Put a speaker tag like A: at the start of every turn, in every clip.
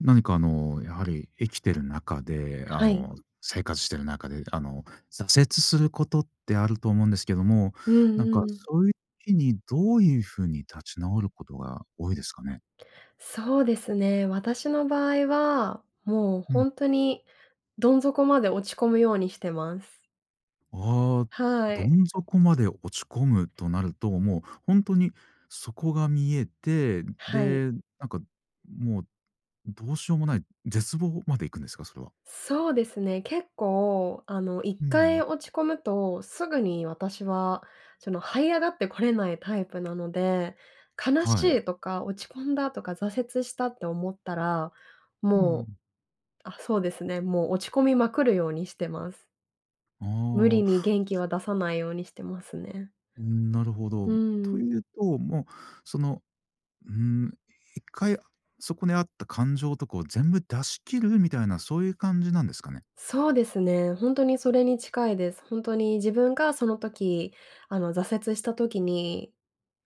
A: 何かあの、やはり生きてる中で、あ
B: はい。
A: の、生活してる中で、あの、挫折することってあると思うんですけども、
B: う
A: なんか
B: んうん。
A: そういう時にどういう風に立ち直ることが多いですかね？
B: そうですね、私の場合は、もう、
A: う
B: ほ
A: ん。
B: んとにどん底まで落ち込むようにしてます。
A: ああ、
B: は
A: ど
B: い。
A: ん底まで落ち込むとなると、もう、ほんとに底が見えて、
B: はい。
A: で、なんか、もう、どうしようもない絶望まで行くんですか？それは。
B: そうですね、結構あの、いっ
A: う
B: かい
A: ん。
B: 落ち込むとすぐに私は、その、這い上がってこれないタイプなので、悲
A: は
B: し
A: い。
B: いとか落ち込んだとか挫折したって思ったら、
A: う
B: もう
A: ん。
B: あ、そうですね、もう落ち込みまくるようにしてます。
A: ああ。
B: 無理
A: お
B: に元気
A: ち
B: は出さないようにしてますね。
A: うん、なるほど。
B: う
A: と
B: ん。
A: いうと、もう、その、うーん、1回、あそこにあった感情とかを全部出し切るみたいなそういう感じなんですかね？
B: そうですね、ほんとにそれに近いです。本当に自分がその時、あの、挫折した時に、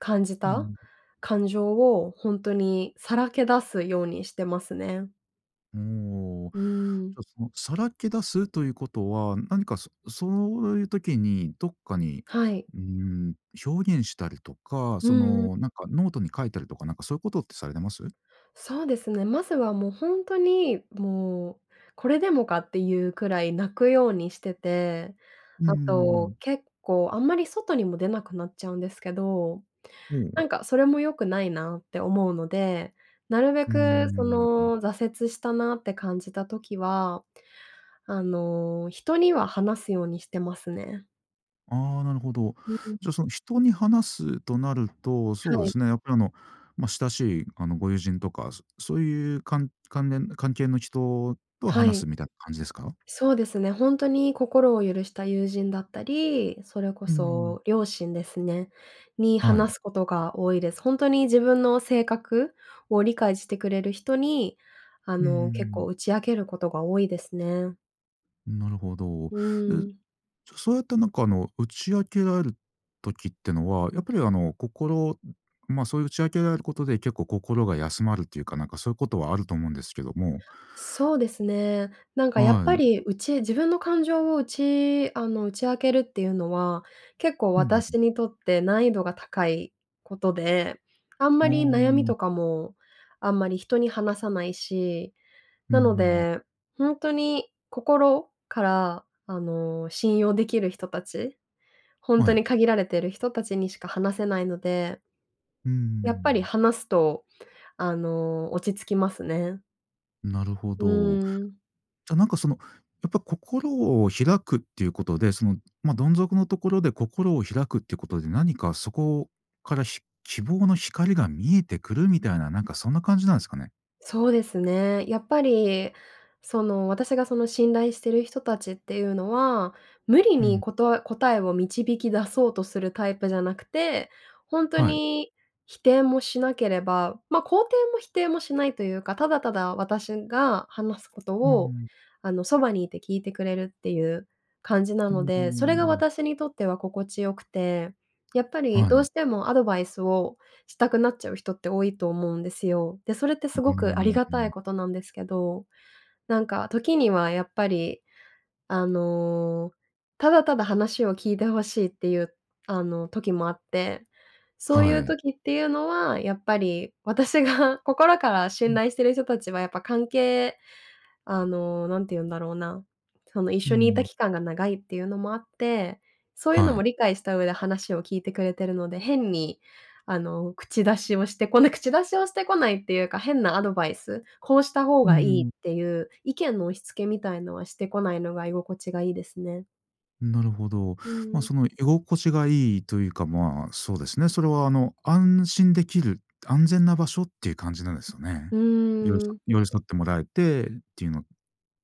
B: 感じ
A: う
B: た
A: ん。
B: 感情をほんとにさらけ出すようにしてますね。
A: うーん、お、じ
B: うーん。
A: ゃあ、そのさらけ出すということは、何か、そそういう時にどっかに、
B: はい。
A: うーん、表現したりとか、
B: う
A: そ
B: んうん。
A: のなんかノートに書いたりとか、なんかそういう事ってされてます？
B: そうですね、まずはもうほんとに、もうこれでもかっていうくらい泣くようにしてて、
A: うー
B: あと、
A: ん。
B: 結構あんまり外にも出なくなっちゃうんですけど、
A: ほお。
B: なんかそれも良くないなって思うので、なるべ
A: うー
B: く、そ
A: ん、うん。
B: の、挫折したなって感じた時は、あの、人には話すようにしてますね。
A: あ、なるほど。
B: うんうん。
A: じゃあ、その人に話すとなると、
B: は
A: そうで
B: い。
A: すね、やっぱり、あの、まあ、親しい、あの、ご友人とか、そそう言う関関連関係の人と
B: は
A: 話
B: い。
A: すみたいな感じですか？
B: そうですね、ほんとに心を許した友人だったり、それこ
A: うーん。
B: そ両親ですね、に
A: はい。
B: 話すことが多いです。ほんとに自分の性格を理解してくれる人に、あ
A: うー
B: の、結構
A: ん。
B: 打ち明けることが多いですね。
A: なるほど。
B: う
A: で
B: ーん。
A: じゃ、そうやってなんかあの、打ち明けられる時ってのは、やっぱりあの心、ん、ま、そういう打ち明けられることで結構心が休まるっていうかなんかそういうことはあると思うんですけども。
B: そうですね。なんかやっ
A: は
B: ぱ
A: い。
B: り、打ち自分の感情を打ちあの、打ち明けるっていうのは、結構
A: うんうんうん。
B: 私にとって難易度が高いことで、あん
A: あ
B: まり悩み
A: あ。
B: とかも、あんまり人に話さないし、
A: うん
B: な
A: うんう
B: の
A: ん。
B: で、ほんとに心？から、あの、信用できる人たち、ほん
A: は
B: と
A: い。
B: に限られてる人たちにしか話せないので。
A: うー
B: やっぱり
A: ん。
B: 話すと、あの、落ち着きますね。
A: なるほ
B: う
A: ど。
B: ーん。
A: じゃ、なんかその、やっぱ心を開くっていうことで、その、ま、どん底のところで心を開くってことで何かそこから、ひ希望の光が見えてくるみたいな、なんかそんな感じなんすかね？
B: そうですね。やっぱり、その、私がその信頼してる人たちっていうのは、無理
A: うん。
B: にことえ答えを導き出そうとするタイプじゃなくて、ほんと
A: はい。
B: に否定もしなければ、ま、肯定も否定もしないというか、ただただ私が話すこと
A: うー
B: を、
A: ん。
B: あの、そばにいて聞いてくれるっていう感じな
A: うん、
B: の
A: うー
B: で、それが
A: ん。
B: 私にとっては心地よくて。やっぱり
A: は
B: どう
A: い。
B: してもアドバイスをしたくなっちゃう人って多いと思うんですよ。で、それって
A: う
B: す
A: ー
B: ごくあり
A: ん、
B: が
A: う
B: たい
A: ん。
B: ことなんですけど、なんか時にはやっぱり、あの、ただただ話を聞いて欲しいっていう、あの、時もあって、そうい
A: は
B: う
A: い。
B: 時っていうのはやっぱり私が心から
A: う
B: 信
A: ん。
B: 頼してる人たちはやっぱ関係あの、何て言うんだろうな、その一
A: うー
B: 緒にいた
A: ん。
B: 期間が長いっていうのもあって、そういう
A: は
B: のも
A: い。
B: 理解した上で話を聞いてくれてるので変に、あの、口出しをしてこない口出しをしてこないっていうか、変なアドバイス、こうした方
A: うー
B: がいいっ
A: ん。
B: ていう意見の押し付けみたいのはしてこないのが居心地がいいですね。
A: う、なるほど。
B: う
A: ま、
B: ん。
A: その、居心地がいいというか、まあ、そうですね、それは、あの安心できる、安全な場所っていう感じなんですよね。
B: う
A: 寄り
B: ー
A: 添
B: ん。
A: 寄り添ってもらえて、ていうの、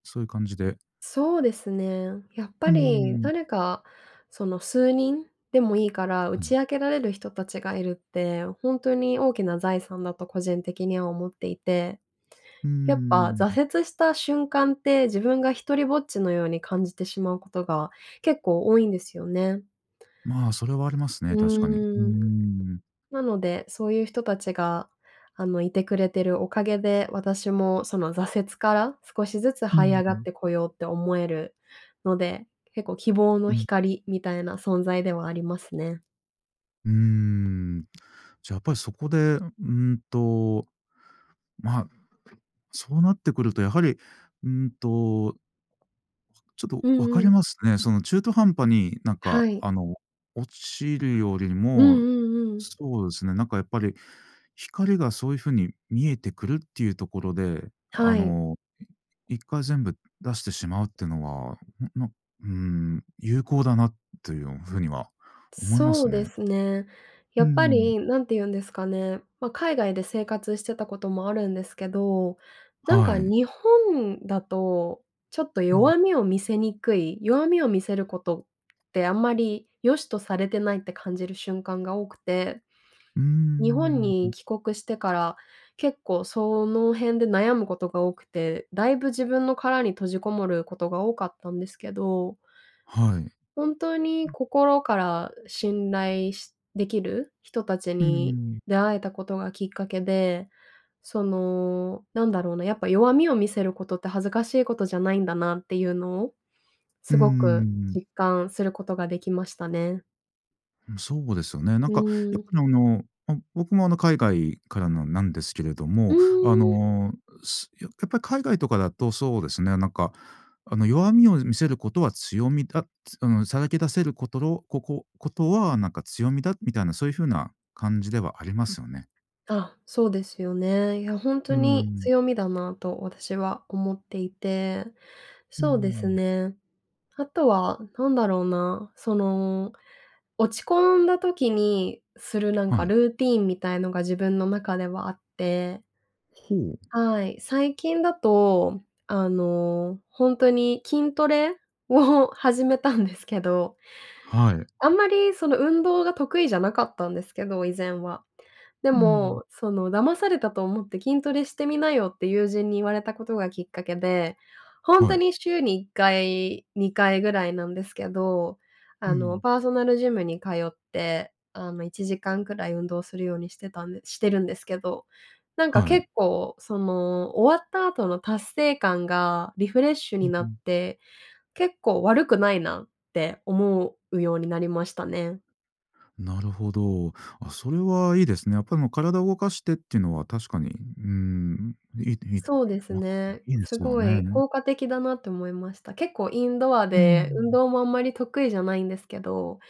A: そういう感じで
B: そうですね。やっぱ
A: う
B: り
A: ん。
B: 誰か、その数人でもいいから打
A: うん。
B: ち明けられる人たちがいるって、ほんとに大きな財産だと個人的には思っていて。
A: う
B: やっぱ
A: ーん。
B: 挫折した瞬間って、自分が一人ぼっちのように感じてしまうことが結構多いんですよね。
A: まあ、それはありますね、
B: う
A: 確かに。うー
B: ーん、
A: ん。
B: なので、そういう人たちが、あの、いてくれてるおかげで、私もその挫折から少しずつ
A: うん
B: 這い上
A: う
B: がっ
A: ん。
B: てこようって思えるので、結構、希望
A: う
B: の
A: ん。
B: 光みたいな存在ではありますね。
A: うーん、じゃ、やっぱりそこで、うんと、まあ、そうなってくると、やはり、うんとちょっと
B: う
A: 分か
B: んう
A: り
B: ん。
A: ますね。その中途半端に、なん
B: は
A: か、
B: い。
A: あの、落ちるより
B: うんう
A: も、
B: んうん。
A: そうですね、なんかやっぱり光がそういうふうに見えてくるっていうところで、あ
B: はい。
A: の、い1回全部出してしまうってのは、うう、の、うーん、有効だなというふうには思いま
B: そ
A: す
B: うで
A: ね。
B: すね。や
A: う
B: っぱ
A: ん。
B: り、なんて言うんですかね、まあ、海外で生活してたこともあるんですけど、なん
A: は
B: か、
A: い。
B: 日本だと、ちょっと
A: うん。
B: 弱みを見せにくい、弱みを見せることってあんまり良しとされてないって感じる瞬間が多くて、
A: うー
B: 日本
A: ん、
B: に
A: ん。
B: 帰国してから、結構その辺で悩むことが多くて、大分、自分の殻に閉じこもることが多かったんですけど
A: はい。
B: 本当に
A: うん。
B: 心から信頼しできる人達
A: うー
B: に
A: ん。
B: 出会えたことがきっかけで、その、なんだろうな、やっぱ弱みを見せることって恥ずかしいことじゃないんだなっていうのを、
A: う
B: す
A: ー
B: ごく
A: ん。
B: 実感することができましたね。
A: うん、そうですよね。なん
B: う
A: かや
B: ー
A: っぱ
B: ん。
A: りあの、ま、僕もあの海外からのなんですけれど
B: う
A: も、あ
B: ーん。
A: の、うすややっぱり海外とかだとそうですね、なんか、あの弱みを見せることは強みだ、つうーん、さらけ出せることろここことはなんか強みだ、みたいなそういう風な感じではありますよね。
B: あ、そうですよね。いや、ほんと
A: うー
B: に
A: ん。
B: 強みだなと私は思っていて、
A: うー
B: そうです
A: ん。
B: ね。あとは何だろうな、その、落ち込んだ時にするなん
A: は
B: か
A: い。
B: ルーティンみたいのが自分の中ではあって。
A: ほお。
B: はい、最近だと、あの、ほんとに筋トレを始めたんですけど、
A: はい。
B: あんまりその、運動が得意じゃなかったんですけど以前は、で
A: うーん。
B: も、その「騙されたと思って筋トレしてみなよ」って友人に言われたことがきっかけで、本
A: は
B: 当
A: い。
B: に週に1回、2回ぐらいなんですけど、
A: う
B: あの、
A: ん。
B: パーソナルジムに通って、あの、1時間くらい運動するようにしてたんでしてるんですけど、なんか
A: はい。
B: 結構その、終わった後の達成感がリフレッシュ
A: う
B: に
A: う
B: なっ
A: ん。
B: て、結構悪くないなって思うようになりましたね。
A: なるほど。あ、それはいいですね。やっぱりあの、体を動かしてっていうのは確かに、ううーん、いいと-いいと、
B: そう
A: い
B: で
A: や、
B: す
A: まあ、
B: ね。
A: いいで
B: す
A: すよ
B: ごい
A: ね。
B: 効果的だなって思いました。結構インドア
A: うー
B: で運
A: ん。
B: 動もあんまり得意じゃないんですけど、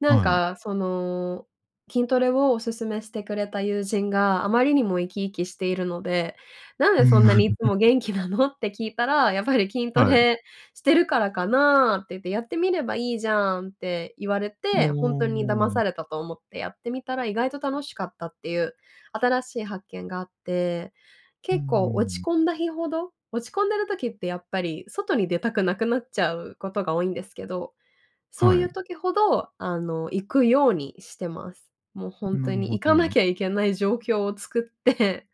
B: なん
A: はい。
B: かその、筋トレをお勧めしてくれた友人があまりにも生き生きしているので「なん
A: う
B: で
A: ー
B: そんなにい
A: ん。
B: つも元気な の？」って聞いたら「やっぱり筋ト
A: はい。
B: レしてるからかな」って言って「やってみればいいじゃん」って言われて、
A: お
B: ほんとに騙
A: あ、ああ、あ。
B: されたと思ってやってみたら意外と楽しかったっていう、新しい発見があって、
A: うんうん
B: 結構落
A: う
B: ち
A: ん。
B: 込んだ日ほど、落ち込んでる時ってやっぱり外に出たくなくなっちゃうことが多いんですけど、そうい
A: は
B: う
A: い。
B: 時ほど、あの、行くようにしてます。もう
A: う
B: 本
A: ん、な
B: 当
A: る
B: に
A: ほ
B: 行か
A: ど。
B: なきゃいけない状況を作って、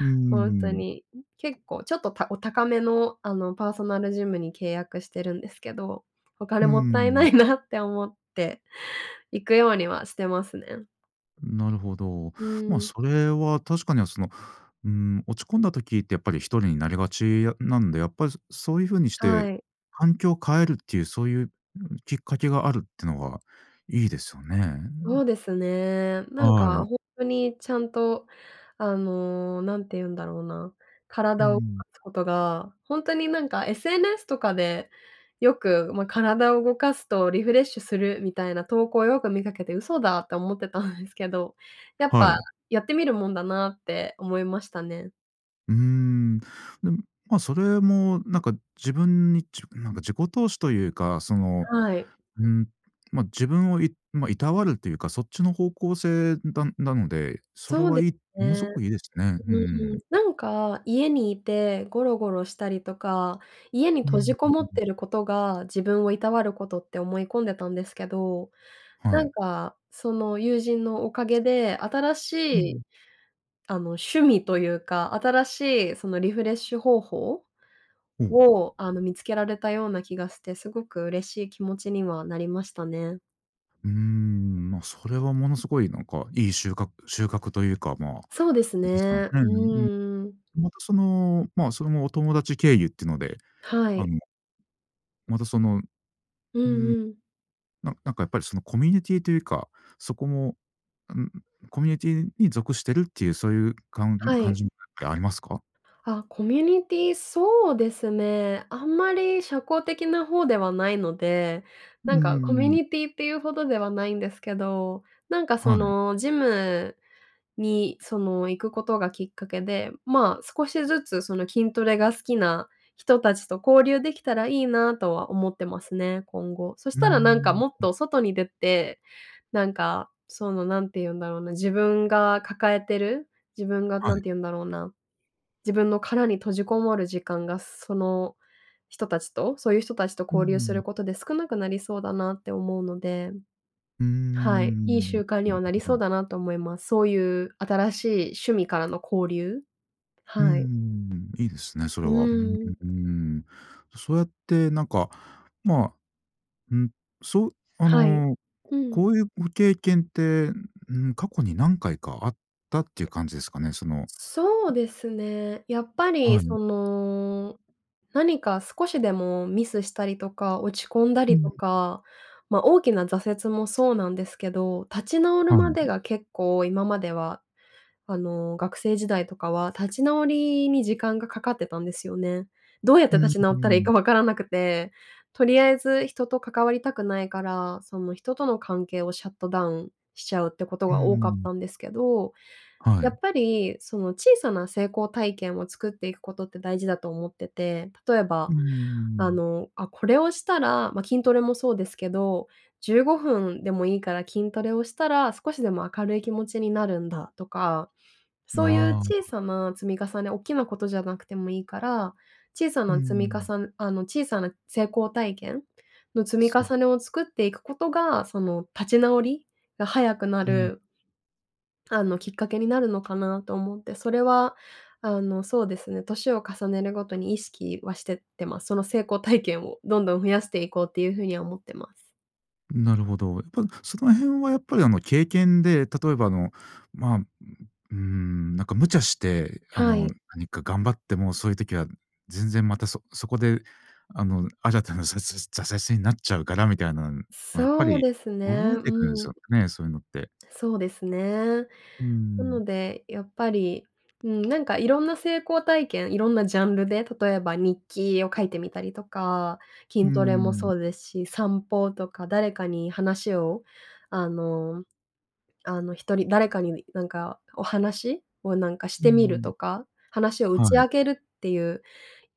A: う
B: ほんと
A: ーん。
B: に、ん、結構ちょっと、たお高めの、あの、パーソナルジムに契約してるんですけど、お
A: う
B: 金
A: ー
B: もったいな
A: ん。
B: いなって思って行くようにはしてますね。
A: ん、なるほど。
B: う
A: まあ、
B: ーん。
A: それは確かにはその、うーん、落ち込んだ時って、やっぱり一人になりがちあなんで、やっぱりそそういう風にして
B: はい。
A: 環境を変えるっていう、そういう、ん、きっかけがあるってのがいいですよね、
B: そ
A: ん。
B: うですね。なん
A: は
B: か
A: い。
B: 本当にちゃんと、あの、何て言うんだろうな、
A: う
B: 体を動
A: ん。
B: かすことが、本当になんか SNS とかで、よく、まあ、体を動かすとリフレッシュするみたいな投稿をよく見かけて嘘だと思ってたんですけど、やっ
A: は
B: ぱ、
A: い。
B: やってみるもんだなって思いましたね。
A: うーん。でも、ま、それもなんか自分に、じなんか自己投資というか、その、
B: はい。
A: うん、ま、自分をいま、労わるというか、そっちの方向性だなので、それ
B: そうで
A: はいい、
B: す
A: ものす
B: ね。
A: ごくいいですね。う
B: う
A: ー
B: ー
A: ん。
B: ん、なんか家にいてゴロゴロしたりとか、家に
A: うーん、
B: 閉じ
A: う
B: こ
A: んう
B: も
A: ん
B: っ
A: うん。
B: てることが、自分を労わる事って思い込んでたんですけど、
A: は
B: な
A: い。
B: んか、その友人のおかげで新し
A: う
B: い、
A: ん。
B: あの、趣味というか、新しいそのリフレッシュ方法、
A: ほお。
B: を、あの、見つけられたような気がして、すごく嬉しい気持ちにはなりましたね。
A: うーん、ま、それはものすごいなんか良いしゅうか収穫というか、まあ、な
B: そうです
A: じすかん
B: ね。
A: う
B: う
A: んうんう
B: ーん。
A: ん。またその、まあ、それもお友達経由ってので、
B: は
A: あ
B: い。
A: のまた、その
B: う
A: うん。
B: んうん。
A: ななんかやっぱりそのコミュニティというか、そこも、うん、コミュニティに属してるっていうそういうかん
B: は
A: 感
B: い。
A: じってありますか？
B: あ、コミュニティ、そうですね。あんまり社交的な方ではないので、
A: う
B: な
A: ー
B: んかコミュ
A: ん。
B: ニティっていうほどではないんですけど、なんかそ
A: はい。
B: の、ジムにその行くことがきっかけで、ま、少しずつその、筋トレが好きな人達と交流できたらいいなとは思ってますね、今後。そし
A: うー
B: たらなんか
A: ん、
B: もっ
A: ん。
B: と外に出て、なんか、その、何て言うんだろうな、自分が抱えてる、自分が
A: はい。
B: 何て言うんだろうな。自分の殻に閉じこもる時間がその人たちと、そういう人たちと
A: うんう
B: 交流す
A: ん、
B: る
A: ん。
B: ことで少なくなりそうだなって思うので。
A: うー
B: はい、いい
A: ん、
B: 習
A: な
B: 慣に
A: る
B: はなり
A: ほ
B: そう
A: ど。
B: だなと思います。そういう新しい趣味からの交流？
A: うー
B: はい。
A: ん、いいですね、そ
B: う
A: れは。うん、う
B: ーん。
A: うーん、そうやってなんか、まあ、うん、そう、あ
B: はい、
A: の、
B: う
A: こ
B: ん。
A: こういうご経験って、ん、過去に何回かあったっていう感じですかね。そのん。
B: そうですね。やっぱり
A: はい。
B: その、何か少しでもミスしたりとか、落ち込んだ
A: う
B: りと
A: ん。
B: か、ま、大きな挫折もそうなんですけど、立ち直る
A: は
B: まで
A: い。
B: が結構今までは、あの学生時代とかは立ち直りに時間がかかってたんですよね。どうやっ
A: う
B: て
A: ん、
B: 立
A: ん、う
B: ち
A: ー
B: 直ったらいい
A: ん。
B: か分からなくて、とりあえず人と関わりたくないから、その人との関係をシャットダウンしちゃうってこと
A: う
B: が多かっ
A: ん。
B: たんですけど、
A: は
B: やっ
A: い。
B: ぱり、その小さな成功体験を作っていくことって大事だと思ってて、例え
A: う
B: ば、
A: ー
B: あ
A: ん。
B: の、あ、これをしたら、ま、筋トレもそうですけど、15分でもいいから筋トレをしたら少しでも明るい気持ちになるんだとか、そういう
A: なあ。
B: 小さな積み重ね、おっきなことじゃなくてもいいから、小さ
A: うー
B: な積みか
A: ん。
B: さあの小さな成功体験の積み
A: そう。
B: 重ねを作っていくことが、その立ち直りが早くな
A: うん。
B: るあの、きっかけになるのかなと思って、それはあのそうですね、年を重ねるごとに意識はしてってます。その成功体験をどんどん増やしていこうっていう風には思ってます。
A: なるほど。やっぱ、その辺はやっぱりあの経験で、例えばあの、ま、うんうーん、なんか無茶して、あ
B: は
A: の、
B: い。
A: 何か頑張ってもそういう時は全然またそそこで、あの、新たなざせ挫折になっちゃうからみたいなのん、もう、やっぱ
B: そう
A: り
B: ですね、
A: 覚えてくん
B: う
A: すよ
B: ん。
A: ね、そういうのって。
B: そうですね。
A: うー
B: な
A: ん。
B: のでやっぱり、うん、なんかいろんな成功体験、いろんなジャンルで例えば日記を書いてみたりとか、
A: うー
B: 筋トレも
A: ん。
B: そうですし、散歩とか誰かに話を、あのあの、人に誰かになんかお話をなんかし
A: うー
B: てみる
A: ん。
B: とか、話を打
A: は
B: ち
A: い。
B: 明けるっていう、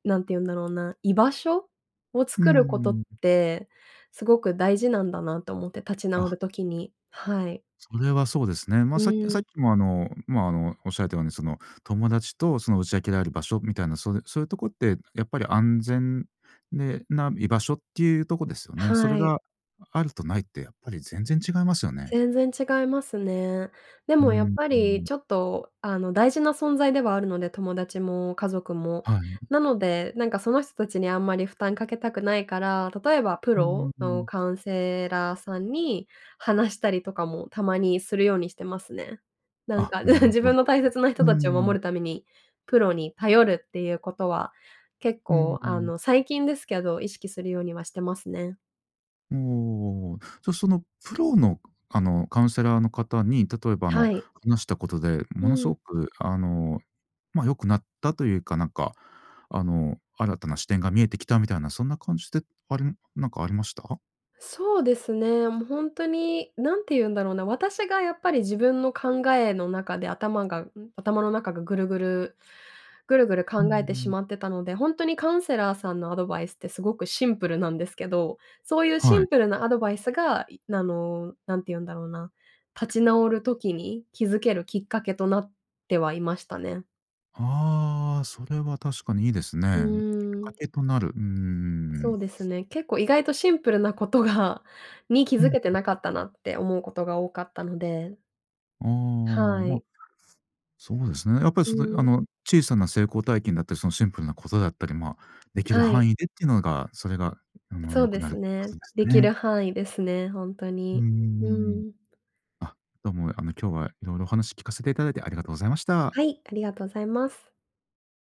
B: 何て言うんだろうな、居場所を
A: うー
B: 作ることっ
A: ん、ん
B: てすごく大事なんだなと思って、立ち直
A: あ。
B: る時に。はい。
A: それはそうですね。
B: う
A: ま、さっき
B: ー
A: さっ
B: ん。
A: きも、あの、ま、あの、おっしゃられたようにその友達とその打ち明けられる場所みたいな、そうそういうとこってやっぱり安全で、なん居場所っていうとこですよね。それ
B: はい。
A: があるとないってやっぱり全然違いますよね。
B: 全然違いますね。で
A: う
B: もやっ
A: ん
B: ぱ
A: う
B: り
A: ん。
B: ちょっと、あの、大事な存在ではあるので、友達も家族も。
A: はい。
B: なので、なんかその人たちにあんまり負担かけたくないから、例えばプ
A: うん
B: ロ
A: う
B: の
A: ん。
B: カウンセラーさんに話したりとかもたまにするようにしてますね。なん
A: あ、
B: か、う
A: な
B: ん、
A: る
B: 自
A: ほ
B: 分
A: ど。
B: の大切な
A: う
B: 人
A: ー
B: たちを
A: ん。
B: 守るために、プロに頼るっていうことは、結
A: うん
B: 構、
A: う
B: あ
A: ん。
B: の、最近ですけど、意識するようにはしてますね。
A: うおおおお。じゃそのプロのくあのカウンセラーの方に、例えばあの
B: はい。
A: 話したことで、
B: う
A: ものす
B: ん。
A: ごく、あの、ま、良くなったというか、なんか、あの新たな視点が見えてきたみたいなそんな感じで、ありなんかありました？
B: そうですね、もうほんとに何て言うんだろうな。私がやっぱり自分の考えの中で頭が、ん？頭の中がぐるぐるぐるぐる
A: うんう
B: 考えてし
A: ん。
B: まってたので、ほんとにカウンセラーさんのアドバイスってすごくシンプルなんですけど、そういうシ
A: はい。
B: ンプルなアドバイスが、いなの、何て言うんだろうな、立ち直る時に、気付けるきっかけとなってはいましたね。
A: ああ、それは確かにいいです
B: う
A: ね。きっ
B: ー
A: か
B: ん。
A: けとなる。うんうんうんう
B: そ
A: ん。
B: うですね、結構意外とシンプルなことがに気
A: うん
B: 付
A: う
B: けて
A: ん。
B: なかったなって思うことが多かったので。
A: ああ、
B: は
A: ま、
B: い。
A: そうですね。やっぱり
B: う
A: そであ
B: ん。
A: の、小さな成功体験だったり、そのシンプルなことだったり、ま、出来る
B: はい。
A: 範囲でっていうのが、それがあの
B: そ
A: 良
B: う
A: く
B: で
A: なるっ
B: す
A: てこ
B: ね。
A: とです
B: 出来る
A: ね。
B: 範囲ですね、ほんと
A: うんう
B: に。
A: んうんう
B: う
A: ん。
B: ん。
A: あ、どうも、あの今日は、色々お話聞かせていただいてありがとうございました。
B: はい、ありがとうございます。